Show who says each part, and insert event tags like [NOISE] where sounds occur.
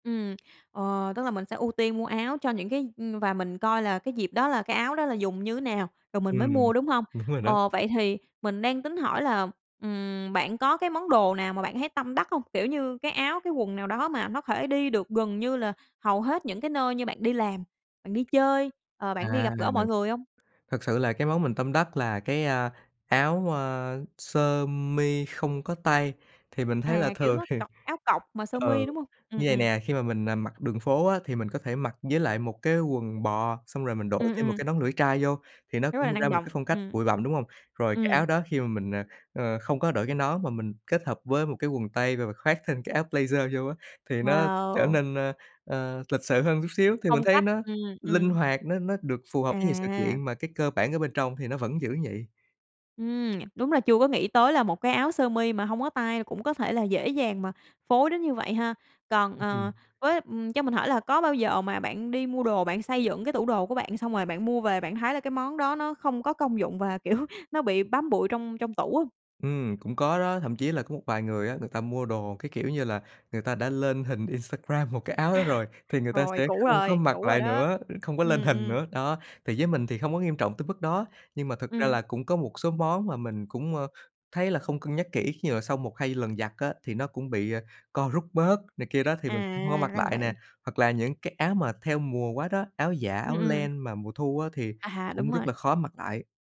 Speaker 1: Ừm, ờ, tức là mình sẽ ưu tiên mua áo cho những cái ừm, và mình coi là cái dịp đó là cái áo đó là dùng như nào, rồi mình mới
Speaker 2: Ừm,
Speaker 1: mua, đúng hông?
Speaker 2: đúng rồi đó.
Speaker 1: Ờ, vậy thì mình đang tính hỏi là, ừm, bạn có cái món đồ nào mà bạn thấy tâm đắc hông, kiểu như, cái áo cái quần nào đó mà nó thể đi được gần như là hầu hết những cái nơi như bạn đi làm, bạn đi chơi, ờ, bạn đi
Speaker 2: À,
Speaker 1: gặp gỡ mọi người hông?
Speaker 2: thực sự là cái món mình tâm đắc là cái, a, áo, a, sơ mi không có tay thì mình thấy là
Speaker 1: À, kiểu,
Speaker 2: thường
Speaker 1: nó
Speaker 2: thì
Speaker 1: cộc áo cộc mà sơ
Speaker 2: ờ,
Speaker 1: mi, đúng hông? Ừm,
Speaker 2: như vầy
Speaker 1: ừm.
Speaker 2: nè, khi mà mình, à, mặc đường phố á thì mình có thể mặc với lại một cái quần bò xong rồi mình đội
Speaker 1: Ừm,
Speaker 2: thêm một
Speaker 1: ừm.
Speaker 2: cái nón lưỡi trai vô thì nó
Speaker 1: Rất là
Speaker 2: cũng ra
Speaker 1: năng
Speaker 2: một
Speaker 1: động,
Speaker 2: cái phong cách
Speaker 1: ừm.
Speaker 2: bụi bặm, đúng hông? Rồi cái
Speaker 1: Ừm.
Speaker 2: áo đó khi mà mình, ờ, ơ, không có đội cái nón mà mình kết hợp với một cái quần tây và khoác thêm cái áo blazer vô á, thì nó trở
Speaker 1: Wow!
Speaker 2: nên, ơ, ơ, lịch sự hơn chút xíu thì mình
Speaker 1: Phong
Speaker 2: thấy
Speaker 1: cách,
Speaker 2: nó
Speaker 1: ừm,
Speaker 2: linh
Speaker 1: ừm.
Speaker 2: hoạt, nó nó được phù hợp với nhiều sự
Speaker 1: À.
Speaker 2: kiện mà cái cơ bản ở bên trong thì nó vẫn giữ vậy.
Speaker 1: Ừm, [SMACKS LIPS] đúng là chưa có nghĩ tới là một cái áo sơ mi mà hông có tay cũng có thể là dễ dàng mà phối đến như vậy ha. Còn,
Speaker 2: Ư, ừm.
Speaker 1: ờ, với, ừm, cho mình hỏi là có bao giờ mà bạn đi mua đồ bạn xây dựng cái tủ đồ của bạn xong rồi bạn mua về bạn thấy là cái món đó nó không có công dụng và, kiểu, nó bị bám bụi trong trong tủ hông?
Speaker 2: Ừm, cũng có đó, thậm chí là có một vài người á, người ta mua đồ, cái kiểu như là, người ta đã lên hình Instagram một cái áo đó rồi
Speaker 1: [LAUGHS]
Speaker 2: thì người ta
Speaker 1: Rồi,
Speaker 2: sẽ
Speaker 1: cũ
Speaker 2: không có
Speaker 1: rồi,
Speaker 2: mặc
Speaker 1: cũ rồi
Speaker 2: lại
Speaker 1: đó,
Speaker 2: nữa, không có lên
Speaker 1: ừm,
Speaker 2: hình
Speaker 1: ừm.
Speaker 2: nữa, đó, thì với mình thì không có nghiêm trọng tới mức đó nhưng mà thực ra
Speaker 1: Ừm.
Speaker 2: là cũng có một số món mà mình cũng, ơ, thấy là không cân nhắc kỹ khi mà sau 1, 2 lần giặt á, thì nó cũng bị, ờ, co rút bớt này kia đó thì mình cũng hông có
Speaker 1: À,
Speaker 2: mặc
Speaker 1: ra là
Speaker 2: lại nè,
Speaker 1: vậy.
Speaker 2: hoặc là những cái áo mà theo mùa quá đó, áo dạ,
Speaker 1: Ừm,
Speaker 2: áo
Speaker 1: ừm.
Speaker 2: len mà mùa thu á thì
Speaker 1: À, đúng
Speaker 2: cũng rất
Speaker 1: rồi.
Speaker 2: là khó mặc lại.